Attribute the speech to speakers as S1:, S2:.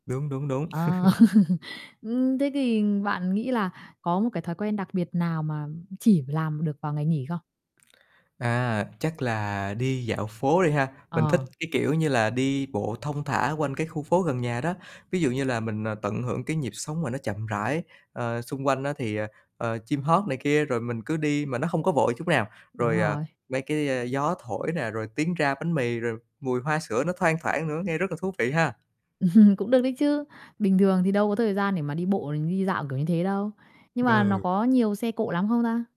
S1: Đúng, đúng, đúng.
S2: Ờ. Ưm, thế thì bạn nghĩ là có một cái thói quen đặc biệt nào mà, ừm, chỉ làm được vào ngày nghỉ không?
S1: À, chắc là đi dạo phố đi ha, mình thích,
S2: Ờ.
S1: cái kiểu như là, đi bộ thong thả quanh cái khu phố gần nhà đó. Ví dụ như là mình, à, tận hưởng cái nhịp sống mà nó chậm rãi, ờ, xung quanh á, thì, ờ, ờ, chim hót này kia, rồi mình cứ đi mà nó hông có vội chút nào,
S2: Đúng
S1: rồi, à,
S2: rồi.
S1: mấy cái, a, gió thổi nè, rồi tiếng rao bánh mì, rồi mùi hoa sữa nó thoang thoảng nữa, nghe rất là thú vị ha.
S2: Cũng được đấy chứ, bình thường thì đâu có thời gian để mà đi bộ, ừm, đi dạo kiểu như thế đâu. Nhưng mà nó
S1: Ừ.
S2: có nhiều xe cộ lắm không ta?